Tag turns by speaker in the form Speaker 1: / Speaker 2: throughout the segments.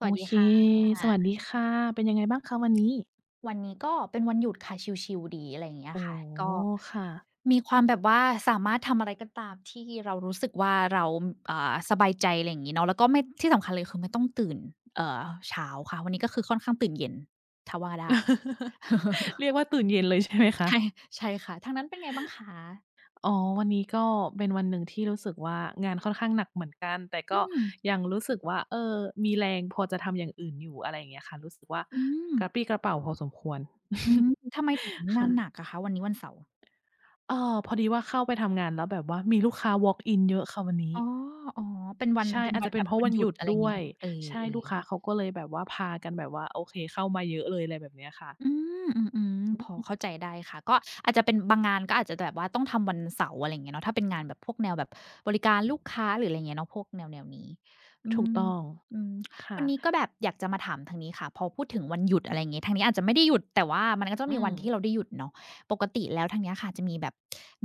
Speaker 1: ส
Speaker 2: โอ
Speaker 1: วัสดี
Speaker 2: เค
Speaker 1: ค่
Speaker 2: สวัส
Speaker 1: ะ
Speaker 2: ดีค่ะ เป็นยังไงบ้างคะ วันนี้?
Speaker 1: วันนี้ก็เป็นวันหยุดค่ะ ชิล ๆ ดี อะไรอย่างเงี้ย
Speaker 2: โอ้
Speaker 1: ค่ะ
Speaker 2: โ
Speaker 1: ก็
Speaker 2: ฮ ค่ะ
Speaker 1: มีความแบบว่าสามารถทำอะไรก็ตามที่เรารู้สึกว่าเรา อ่า สบายใจ อะไรอย่างงี้เนาะ แล้วก็ไม่ ที่สำคัญเลยคือไม่ต้องตื่น เอ่อ เช้าค่ะ วันนี้ก็คือค่อนข้างตื่นเย็น ถ้าว่าได้
Speaker 2: เรียกว่าตื่นเย็นเลยใช่ไหมค
Speaker 1: ใ
Speaker 2: ะ?
Speaker 1: ช่ ๆ ค่ะ ทางนั้นเป็นไงบ้างคะ?
Speaker 2: อ๋อ วันนี้ก็เป็นวันหนึ่งที่รู้สึกว่า งานค่อนข้างหนักเหมือนกัน แต่
Speaker 1: อ
Speaker 2: ก
Speaker 1: ื
Speaker 2: ็
Speaker 1: ม
Speaker 2: ยังรู้สึกว่า เออ มีแรงพอจะทำอย่างอื่นอยู่ อะไรอย่างเงี้ยค่ะ รู้สึกว่า
Speaker 1: อื
Speaker 2: ก
Speaker 1: ม
Speaker 2: ระปรี้กระเปร่าพอสมควร
Speaker 1: อืม ทำไมถึงง
Speaker 2: ค
Speaker 1: า
Speaker 2: ่
Speaker 1: น
Speaker 2: ะ
Speaker 1: หนักอะคะ วันนี้วันเสาร์?
Speaker 2: เอ่อ พอดีว่าเข้าไปทำงานแล้วแบบว่ามีลูกค้าวอล์กอินเยอะค่ะวันนี้
Speaker 1: อ๋อ อ๋อ เป็นวัน
Speaker 2: ใช่
Speaker 1: เป็น
Speaker 2: อาจ
Speaker 1: วั
Speaker 2: จะ
Speaker 1: น
Speaker 2: เป
Speaker 1: แบ
Speaker 2: ็น
Speaker 1: บ
Speaker 2: เพราะ
Speaker 1: วั
Speaker 2: ว
Speaker 1: น
Speaker 2: ัน
Speaker 1: หยุ
Speaker 2: หย
Speaker 1: ด
Speaker 2: ุด
Speaker 1: อะไรอ
Speaker 2: ด
Speaker 1: ย่าง
Speaker 2: ้
Speaker 1: งี
Speaker 2: ว
Speaker 1: ้เน
Speaker 2: ย
Speaker 1: าะ เออ
Speaker 2: ใช่ ลูกค
Speaker 1: ๆ
Speaker 2: ้าเขาก็เลยแบบว่าพากันแบบว่า โอเค เข้ามาเยอะเลย อะไรแบบเนี้ยค่ะ
Speaker 1: อืม อืม
Speaker 2: อ
Speaker 1: ๆ พอ
Speaker 2: ืม
Speaker 1: เข้าใจได้ค่ะ ก็อาจจะเป็นบางงาน ก็อาจจะแบบว่าต้องทำวันเสาร์ อะไรอย่างเงี้ยเนาะ ถ้าเป็นงานแบบพวกแนวแบบบริการลูกค้า หรืออะไรอย่างเงี้ยเนาะ พวกแนว ๆ นี้ อื
Speaker 2: ถูก
Speaker 1: ม
Speaker 2: ต้อง
Speaker 1: อืม
Speaker 2: ค่
Speaker 1: วั
Speaker 2: ะ
Speaker 1: นนี้ก็แบบอยากจะมาถามทางนี้ค่ะ พอพูดถึงวันหยุด อะไรอย่างงี้ ทางนี้อาจจะไม่ได้หยุด แต่ว่ามันก็จะต้อ
Speaker 2: อื
Speaker 1: งมีวันที่เ
Speaker 2: ม
Speaker 1: ราได้หยุดเนาะ ปกติแล้วทางเนี้ยค่ะ จะมีแบบ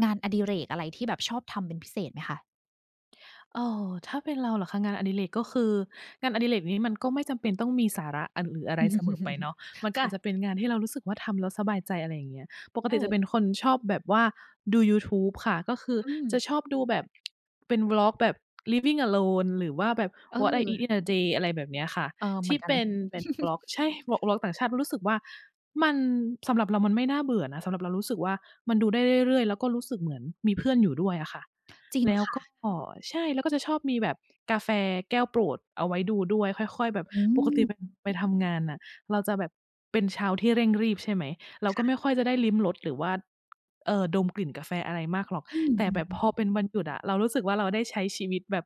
Speaker 1: งานอดิเรกอะไรที่แบบชอบทำเป็นพิเศษไหมคะ?
Speaker 2: เอ่อ ถ้าเป็นเราเหรอคะ งานอดิเรก ก็คือ งานอดิเรกนี้มันก็ไม่จำเป็นต้องมีสาระ อะ หรืออะไรเสมอไปเนาะ มันก็
Speaker 1: ค
Speaker 2: อ
Speaker 1: ่
Speaker 2: า
Speaker 1: ะ
Speaker 2: จจะเป็นงานที่เรารู้สึกว่า ทำแล้วสบายใจ อะไรอย่างเงี้ย ปกต
Speaker 1: เ
Speaker 2: ิจะ
Speaker 1: ออ
Speaker 2: เป็นคนชอบแบบว่าดูยูทูบค่ะ ก็คือ
Speaker 1: อื
Speaker 2: จะ
Speaker 1: ม
Speaker 2: ชอบดูแบบ เป็น Vlog แบบ Living Alone หรือว่าแบบ What I
Speaker 1: เออ
Speaker 2: eat in a day อะไรแบบเนี้ยค่ะ
Speaker 1: เอ่อ
Speaker 2: ท
Speaker 1: เหม
Speaker 2: ี
Speaker 1: ือ
Speaker 2: ่
Speaker 1: นกั
Speaker 2: เป
Speaker 1: น
Speaker 2: ็นแบบ Vlog ใช่ Val Vlog ต่างชาติ เพราะรู้สึกว่า มัน สำหรับเรามันไม่น่าเบื่อนะ สำหรับเรารู้สึกว่ามันดูได้เรื่อย ๆ แล้วก็รู้สึกเหมือนมีเพื่อนอยู่ด้วยอะค่ะ
Speaker 1: จริง
Speaker 2: แล้ว
Speaker 1: ค่
Speaker 2: ก็
Speaker 1: ะ
Speaker 2: ใช่ แล้วก็จะชอบมีแบบกาแฟแก้วโปรดเอาไว้ดูด้วย ค่อย ๆ แบบ
Speaker 1: อื
Speaker 2: ปกติแบบ
Speaker 1: ม
Speaker 2: ไปทำงานน่ะ เราจะแบบเป็นเช้าที่เร่งรีบ ใช่ไหม เรา
Speaker 1: ค
Speaker 2: ก็
Speaker 1: ่
Speaker 2: ไ
Speaker 1: ะ
Speaker 2: ม่ค่อยจะได้ลิ้มรสหรือว่า เอ่อ ดมกลิ่นกาแฟอะไรมากหรอก
Speaker 1: อื
Speaker 2: แต่
Speaker 1: ม
Speaker 2: แบบพ
Speaker 1: ๆ ๆ
Speaker 2: อเป็นวันหยุดอะ เรารู้สึกว่า เราได้ใช้ชีวิตแบบ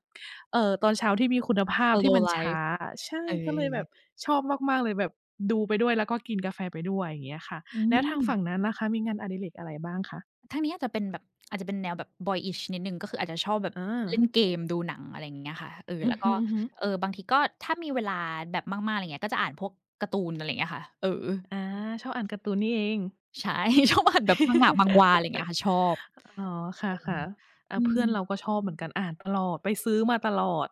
Speaker 2: เอ่อ ตอนเช้าที่มีคุณภา
Speaker 1: ส
Speaker 2: พ
Speaker 1: โ
Speaker 2: ที
Speaker 1: ล
Speaker 2: ่ม
Speaker 1: ว
Speaker 2: ั
Speaker 1: ์
Speaker 2: น
Speaker 1: ไล
Speaker 2: ช้
Speaker 1: ฟ
Speaker 2: า
Speaker 1: ์
Speaker 2: อะ ใช่
Speaker 1: เอ
Speaker 2: ก็เลยแบ
Speaker 1: อ
Speaker 2: บชอบมาก ๆ เลยแบบดูไปด้วย แล้วก็กินกาแฟไปด้วย อย่างเงี้ยค่ะ
Speaker 1: อื
Speaker 2: แล้วทางฝ
Speaker 1: ม
Speaker 2: ั่งนั้นล่ะคะ มีงานอดิเรกอะไรบ้างคะ?
Speaker 1: ทางนี้อาจจะเป็นแบบ อาจจะเป็นแนวแบบ Boyish นิดหนึ่ง ก็คืออาจจะชอบแบบ
Speaker 2: อ
Speaker 1: เล่น
Speaker 2: า
Speaker 1: เกม ดูหนัง อะไรอย่างเงี้ยค่ะ เออ
Speaker 2: อื
Speaker 1: แล
Speaker 2: อ
Speaker 1: ้ว
Speaker 2: ฮ
Speaker 1: ก็
Speaker 2: ึ ๆ
Speaker 1: เอ่อ บางทีก็ถ้ามีเวลาแบบมาก ๆ อะไรอย่างเงี้ย ก็อ่านพวกการ์ตูน อะไรอย่างเงี้ยค่ะ เออ
Speaker 2: อา ชอบอ่านการ์ตูนนี่เอง
Speaker 1: ใช่ ชอบอ่านแบบมังงะ มังฮวา อะไรอย่างเงี้ยค่ะ ชอบ
Speaker 2: อ๋อ ค
Speaker 1: เออ
Speaker 2: ่ะ ๆ อะ
Speaker 1: อื
Speaker 2: เพื่อน
Speaker 1: ม
Speaker 2: เราก็ชอบเหมือนกัน อ่านตลอด ไปซื้อมาตลอด